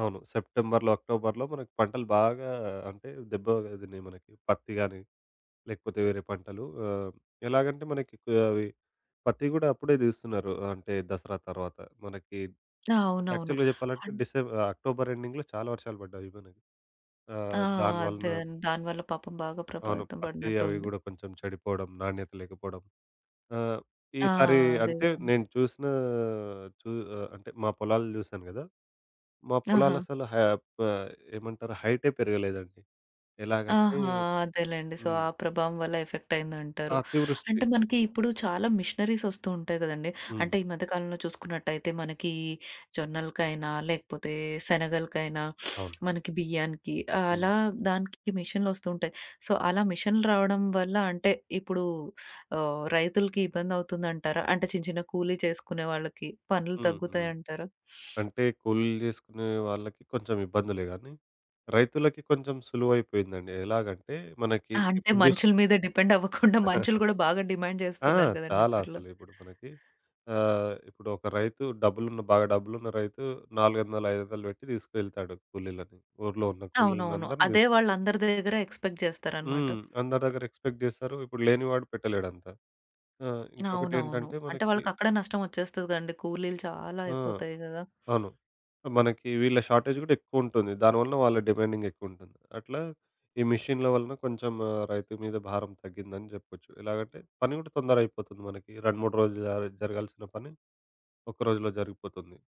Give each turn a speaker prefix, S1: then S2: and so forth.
S1: అవును. సెప్టెంబర్‌లో, అక్టోబర్‌లో మనకి పంటలు బాగా అంటే దెబ్బ దిన్నాయి మనకి పత్తి గానీ, లేకపోతే వేరే పంటలు ఆహ్, ఎలాగంటే మనకి కో అవి పత్తి గూడా అప్పుడే దీస్తున్నారు. అంటే దసరా తర్వాత మనకి
S2: అవునవును.
S1: యాక్చువల్‌గా జెప్పాలంటే,
S2: అన్
S1: డిసె అక్టోబర్ ఎండింగ్‌లో చాలా వర్షాలు బడ్డాయి అయిపొనాయి
S2: ఆ!
S1: ఆహ్, దాని
S2: అదే
S1: వలన
S2: దాని వల్ల పాపం బాగా
S1: అవును.
S2: ప్రభావితం
S1: పత్తి అవి
S2: బడినట్టుంది.
S1: గూడా కొంచెం చెడిపోవడం, నాణ్యత లేకపోవడం. ఆహ్,
S2: ఆ!
S1: ఈసారీ
S2: అదే
S1: అంటే
S2: గానీ
S1: నేను చూసినా చు ఆహ్, అంటే మా పొలాలు జూసాను గదా! మా
S2: ఆహా!
S1: పొలాలసల హెబ్బ్ అయ్ ఏమంటారు హైటే పెరగలేదండి. ఎలాగంటే
S2: ఆహా! అదేలేండి. సో, ఆ
S1: హ్మ్.
S2: ప్రభావం వల్ల ఎఫెక్టయిందంటారు.
S1: అతివృష్టి.
S2: అంటే మనకి ఇప్పుడు చాలా మిషనరీసొస్తూ ఉంటాయి గదండి. అంటే
S1: హ్మ్.
S2: ఈ మధ్య కాలంలో చూసుకున్నట్టయితే, మనకీ జొన్నలకైనా లేకపోతే శనగలకైనా
S1: అవును.
S2: మనకి బియ్యానికి
S1: హ్మ్.
S2: ఆలా దానికి మిషన్‌లొస్తూ ఉంటాయి. సో, అలా మిషన్‌లు రావడం వల్ల అంటే ఇప్పుడూ ఆహ్, రైతులికి ఇబ్బందవుతుందంటారా? అంటే చిన్న, చిన్న కూలీ చేసుకునే వాళ్ళకి పనులు
S1: హుహు.
S2: తగ్గుతాయంటారా?
S1: అంటే కూలీలు జేసుకునే వాళ్ళకి కొంచెం ఇబ్బందులే గానీ, రైతులకి కొంచెం సులువైపోయిందండి. ఎలాగంటే మనకి
S2: ఆ! అంటే
S1: ఇప్పుడు జూస్
S2: మనుషుల మీద డిపెండవ్వకుండా మనుషులు గూడా బాగా డిమాండ్
S1: ఆ!
S2: జేస్తున్నారు గదండీ
S1: చాలా
S2: ఇప్పట్లో?
S1: అసలు ఇప్పుడు మనకి ఆహ్, ఇప్పుడొక రైతు డబ్బులున్న బాగా డబ్బులున్న రైతు 400, 500 వెట్టి తీసుకెళ్తాడు కూలీలని. ఊర్లో ఉన్న కూలీలని
S2: అవునవును.
S1: అందరిని
S2: అదే
S1: తీసుకె
S2: వాళ్ళందరి దగ్గర ఎక్స్‌పెక్ట్ జేస్తారనమాట.
S1: హ్మ్. అందరి దగ్గర ఎక్స్‌పెక్ట్ జేసారు, ఇప్పుడు లేని వాడు పెట్టలేడంత. ఆ! ఇంకొకటి
S2: అవునవును.
S1: ఏంటంటే
S2: అంటే
S1: మనకి
S2: వాళ్ళకి అక్కడ నష్టం ఒచ్చేస్తది గదండి కూలీలు చాలా
S1: ఆ!
S2: అయిపోతాయి గదా!
S1: అవును. మనకి వీళ్ళ షార్‌టేజ్ గూడా ఎక్కువుంటుంది. దాని వలన వాళ్ళ డిమాండింగ్ ఎక్కువుంటుంది. అట్లా ఈ మిషన్‌ల వలన కొంచెం ఆహ్, రైతు మీద భారం తగ్గిందని జెప్పొచ్చు. ఎలాగంటే పని గూడా తొందరగైపోతుంది మనకి. 2, 3 రోజులు జ జరగాల్సిన పని ఒక్క రోజులో జరిగిపోతుంది.